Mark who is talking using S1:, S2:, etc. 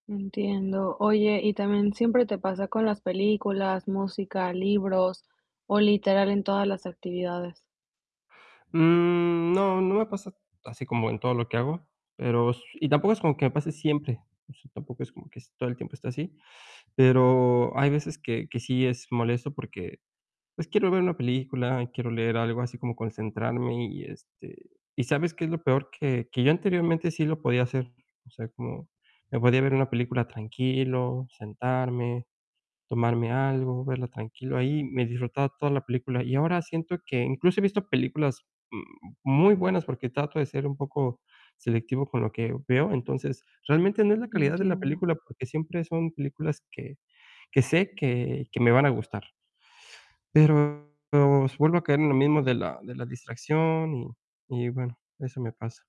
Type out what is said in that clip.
S1: Entiendo. Oye, ¿y también siempre te pasa con las películas, música, libros o literal en todas las actividades?
S2: Mm, no, no me pasa así como en todo lo que hago, pero s y tampoco es como que me pase siempre, tampoco es como que todo el tiempo esté así, pero hay veces que que sí es molesto porque, pues, quiero ver una película, quiero leer algo, así como concentrarme y, este, ¿y sabes qué es lo peor?, que que yo anteriormente sí lo podía hacer, o sea, como me podía ver una película tranquilo, sentarme, tomarme algo, verla tranquilo ahí, me disfrutaba toda la película, y ahora siento que incluso he visto películas m muy buenas, porque trato de ser un poco selectivo con lo que veo, entonces, realmente no es la calidad de la
S1: Entiendo.
S2: película, porque siempre son películas que que sé que que me van a gustar. Pero vuelvo a caer en lo mismo de la de la distracción y y bueno, eso me pasa.